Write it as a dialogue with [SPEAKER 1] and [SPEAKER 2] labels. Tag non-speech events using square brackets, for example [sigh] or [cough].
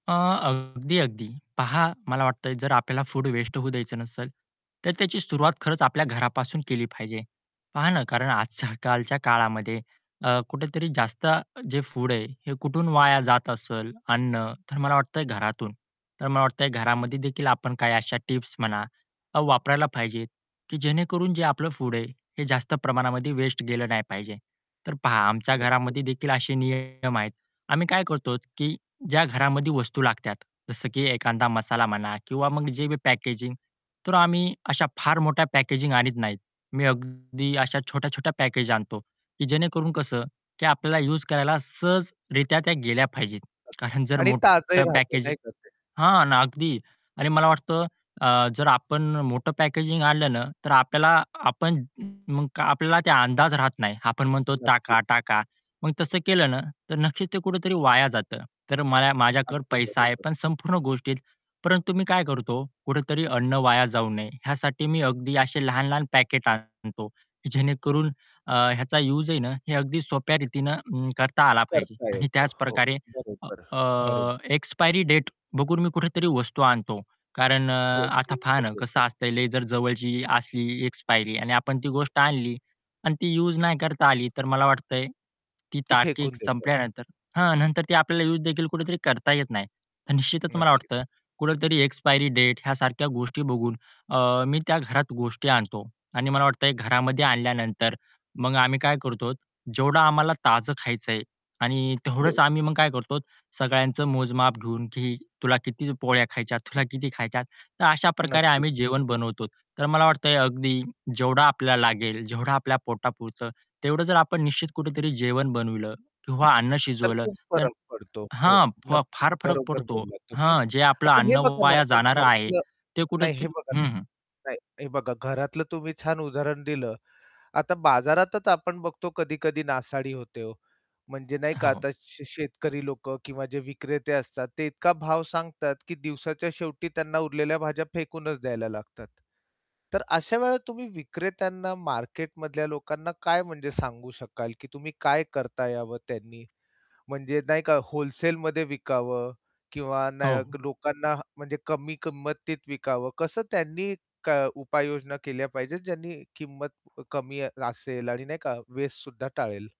[SPEAKER 1] अ, अगदी, अगदी. पहा मला वाटत जर आपल्याला फूड वेस्ट होऊ द्यायचं नसेल, तर त्याची सुरुवात खरंच आपल्या घरापासून केली पाहिजे. पहा ना कारण आजकालच्या [chuckles] काळामध्ये अ, कुठेतरी जास्त जे फूड आहे हे कुठून वाया जात असेल अन्न, तर मला वाटतंय घरातून. तर मला वाटतंय
[SPEAKER 2] हं.
[SPEAKER 1] घरामध्ये देखील आपण काही अशा टिप्स म्हणा वापरायला पाहिजे की जेणेकरून जे आपलं फूड आहे हे जास्त प्रमाणामध्ये वेस्ट गेलं नाही पाहिजे. तर पहा आमच्या
[SPEAKER 2] नक्कीच.
[SPEAKER 1] घरामध्ये देखील असे नियम आहेत. आम्ही काय करतो की ज्या घरामध्ये वस्तू लागतात, जसं की एखादा मसाला म्हणा किंवा मग जे बी पॅकेजिंग तर आम्ही अशा फार मोठ्या पॅकेजिंग आणत नाहीत. मी अगदी अशा छोट्या-छोट्या पॅकेज आणतो की जेणेकरून कसं की आपल्याला युज करायला सहजरित्या त्या गेल्या पाहिजेत. कारण जर
[SPEAKER 2] आणि ताजंही
[SPEAKER 1] मोठं
[SPEAKER 2] राहत
[SPEAKER 1] पॅकेजिंग
[SPEAKER 2] नाही का ते?
[SPEAKER 1] हां ना अगदी आणि मला वाटतं अ, जर आपण मोठं पॅकेजिंग आणलं ना, तर आपल्याला आपण मग आपल्याला ते अंदाज राहत नाही. आपण म्हणतो "टाका,
[SPEAKER 2] नक्कीच.
[SPEAKER 1] टाका." मग तसं केलं ना तर नक्कीच ते कुठेतरी वाया जातं. तर मला माझ्याकडे
[SPEAKER 2] अगदी
[SPEAKER 1] पैसा आहे
[SPEAKER 2] बरोबर.
[SPEAKER 1] पण संपूर्ण गोष्टीत. परंतु मी काय करतो कुठेतरी अन्न वाया जाऊ नये ह्यासाठी मी अगदी अशी ते लहान-लहान पॅकेट आणतो. जेणेकरून ह्याचा युज आहे ना हे अगदी सोप्या रीतीने करता आला पाहिजे.
[SPEAKER 2] करता
[SPEAKER 1] आणि
[SPEAKER 2] येतं.
[SPEAKER 1] त्याच
[SPEAKER 2] हो
[SPEAKER 1] प्रकारे
[SPEAKER 2] बरोबर, बरो.
[SPEAKER 1] अ, एक्सपायरी डेट बघून मी कुठेतरी वस्तू आणतो. कारण अ, आता पहा ना कसं
[SPEAKER 2] [unintelligible]
[SPEAKER 1] असतंय लई जर जवळची असली एक्सपायरी आणि आपण ती गोष्ट आणली आणि ती युज नाही करता आली तर मला वाटतंय, ती
[SPEAKER 2] ती
[SPEAKER 1] तारीख
[SPEAKER 2] फेकून देतो आपण.
[SPEAKER 1] संपल्यानंतर हां. नंतर ती आपल्याला युज देखील कुठेतरी करता येत नाही. तर निश्चितच मला वाटतं
[SPEAKER 2] नक्कीच.
[SPEAKER 1] कुठेतरी एक्सपायरी डेट ह्यासारख्या गोष्टी बघून अ, मी त्या घरात गोष्टी आणतो. आणि मला वाटतं घरामध्ये आणल्यानंतर मग आम्ही काय करतो जेवढं आम्हाला ताजं खायचंय आणि तेवढंच
[SPEAKER 2] तेवढं.
[SPEAKER 1] आम्ही मग काय करतो सगळ्यांचं मोजमाप घेऊन, की "तुला किती पोळ्या खायच्यात, तुला किती खायच्या?" तर अशा प्रकारे आम्ही
[SPEAKER 2] नक्कीच.
[SPEAKER 1] जेवण बनवतो. तर मला वाटतं अगदी जेवढा आपल्याला लागेल, जेवढं आपल्या पोटापुरत तेवढं जर आपण निश्चित कुठेतरी जेवण बनवलं किंवा अन्न
[SPEAKER 2] तर
[SPEAKER 1] शिजवलं
[SPEAKER 2] खूप
[SPEAKER 1] तर
[SPEAKER 2] फरक पडतो. हो.
[SPEAKER 1] हां. फा
[SPEAKER 2] नक्की.
[SPEAKER 1] फार फरक
[SPEAKER 2] बरोबर
[SPEAKER 1] पडतो.
[SPEAKER 2] बोललात तुम्ही.
[SPEAKER 1] हां. जे आपलं
[SPEAKER 2] आता
[SPEAKER 1] अन्न
[SPEAKER 2] हे बघा ना
[SPEAKER 1] वाया
[SPEAKER 2] आपण
[SPEAKER 1] जाणार आहे
[SPEAKER 2] घरातलं
[SPEAKER 1] ते
[SPEAKER 2] नाही हे
[SPEAKER 1] कुठेतरी
[SPEAKER 2] बघा ना,
[SPEAKER 1] हं, हं.
[SPEAKER 2] नाही हे बघा घरातलं तुम्ही छान उदाहरण दिलं. आता बाजारातच आपण बघतो कधी-कधी नासाडी होते हो. म्हणजे नाही
[SPEAKER 1] हो,
[SPEAKER 2] का
[SPEAKER 1] हो.
[SPEAKER 2] आता शे शेतकरी लोकं किंवा जे विक्रेते असतात ते इतका भाव सांगतात की दिवसाच्या शेवटी त्यांना उरलेल्या भाज्या फेकूनच द्यायला लागतात. तर अशा वेळेला तुम्ही विक्रेत्यांना मार्केट मधल्या लोकांना काय म्हणजे सांगू शकाल की तुम्ही काय करता यावं त्यांनी? म्हणजे नाही का होलसेलमध्ये विकावं किंवा न
[SPEAKER 1] हो.
[SPEAKER 2] लोकांना म्हणजे कमी किंमतीत विकावं? कसं त्यांनी उपाययोजना केल्या पाहिजेत ज्यांनी किंमत कमी असेल आणि नाही का वेस्टसुद्धां टाळेल?